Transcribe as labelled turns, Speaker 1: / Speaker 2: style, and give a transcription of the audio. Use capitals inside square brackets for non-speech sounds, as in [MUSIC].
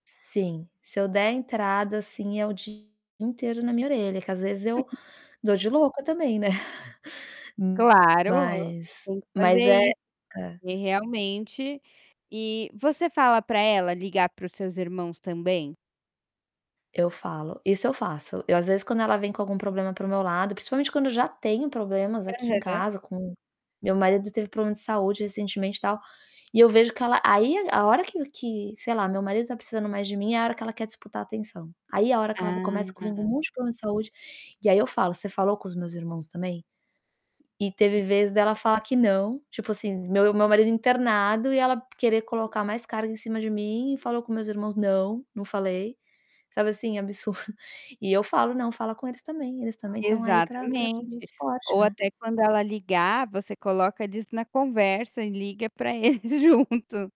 Speaker 1: Sim. Se eu der entrada, assim, é o dia inteiro na minha orelha. Que às vezes eu
Speaker 2: [CHUCKLES]
Speaker 1: dou de louca também, né. [CHUCKLES]
Speaker 2: Claro!
Speaker 1: Mas
Speaker 2: Tem que fazer
Speaker 1: mas é
Speaker 2: aí
Speaker 1: hã.
Speaker 2: e realmente e você fala para ela ligar para os seus irmãos também?
Speaker 1: Eu falo. Isso eu faço. Eu às vezes, quando ela vem com algum problema para o meu lado, principalmente quando eu já tenho problemas aqui em
Speaker 2: Aham.
Speaker 1: casa com meu marido teve problema de saúde recentemente e tal. E eu vejo que ela aí, a hora que que, sei lá, meu marido está precisando mais de mim, é a hora que ela quer disputar atenção. Aí é a hora que ela começa [UNINTELLIGIBLE]
Speaker 2: Ah.
Speaker 1: com um monte de problema de saúde, e aí eu falo: "Você falou com os meus irmãos também?". E
Speaker 2: Sim.
Speaker 1: teve vez dela falar que não. Tipo assim, meu o meu marido internado e ela querer colocar mais carga em cima de mim, e: "Falou com meus irmãos?". "Não, não falei". Sabe, assim, absurdo. E eu falo: "Não, fala com eles também, eles também estão aí pra pra te dar
Speaker 2: Exatamente.
Speaker 1: suporte,
Speaker 2: Ou
Speaker 1: né".
Speaker 2: até quando ela ligar, você coloca eles na conversa e liga pra eles junto.